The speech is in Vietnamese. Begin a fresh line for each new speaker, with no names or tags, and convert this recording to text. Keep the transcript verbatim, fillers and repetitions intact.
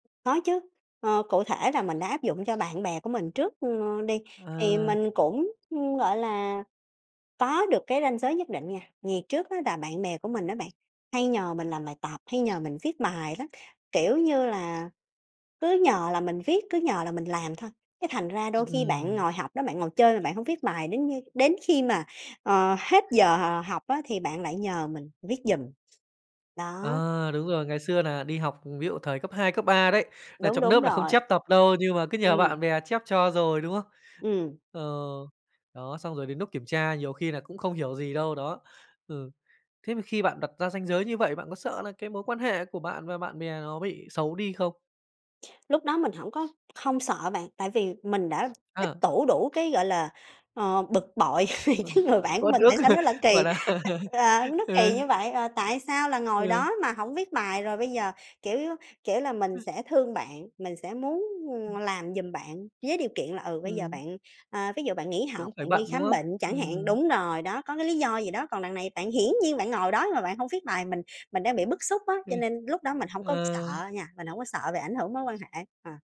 Có chứ, ờ, cụ thể là mình đã áp dụng cho bạn bè của mình trước, ơ, đi, thì
À!
mình cũng, ưm, gọi là, có được cái ranh giới nhất định nha. Vì trước á là bạn bè của mình á bạn, hay nhờ mình làm bài tập hay nhờ mình viết bài lắm, kiểu như là, cứ nhờ là mình viết, cứ nhờ là mình làm thôi, cái thành ra đôi khi bạn
Ừm.
ngồi học đó, bạn ngồi chơi mà bạn hông viết bài đến như đến khi mà, ờ, hết giờ học á thì bạn lại nhờ mình viết giùm. Đó.
À! Đúng rồi, ngày xưa nà đi học, ví dụ, thời cấp hai, cấp ba đấy, nà
Đúng,
trong
đúng
nớp nà không
rồi.
chép tập đâu, nhưng mà cứ nhờ
Ừm.
bạn bè chép cho rồi, đúng không?
Ừm.
Ờ, đó, xong rồi đến núc kiểm tra nhiều khi nà cũng không hiểu gì đâu, đó. Ừ. Thế mà khi bạn đặt ra ranh giới như vậy, bạn có sợ là cái mối quan hệ của bạn và bạn bè nó bị xấu đi không?
Lúc đó mình hổng có không sợ bạn, tại vì mình đã tích
Ờ.
tụ đủ cái, gọi là, ờ, bực bội vì
Ừ
cái
hứ.
người bạn của
Uất
mình
ức,
tại sao nó lại kỳ
gọi nà
á, ờ, nó
Ừ.
kỳ như vậy? Ờ, tại sao là ngồi
Ừ.
đó mà hổng viết bài rồi bây giờ, kiểu, kiểu là, mình sẽ thương bạn, mình sẽ muốn, ừm,
Ừm.
làm giùm bạn với điều kiện là, ừ, bây giờ
Ừm.
bạn ờ, ví dụ bạn nghỉ
Cũng
học,
phải
bạn đi
bận, đúng
khám
không?
bệnh chẳng hạn
Ừm.
đúng rồi đó, có cái lý do gì đó, còn đằng này bạn hiển nhiên bạn ngồi đó mà bạn hông viết bài, mình mình đang bị bức xúc á, cho
Ừm.
nên lúc đó mình hông có
Ờ.
sợ nha, mình hổng có sợ về ảnh hưởng mối quan hệ, ờ.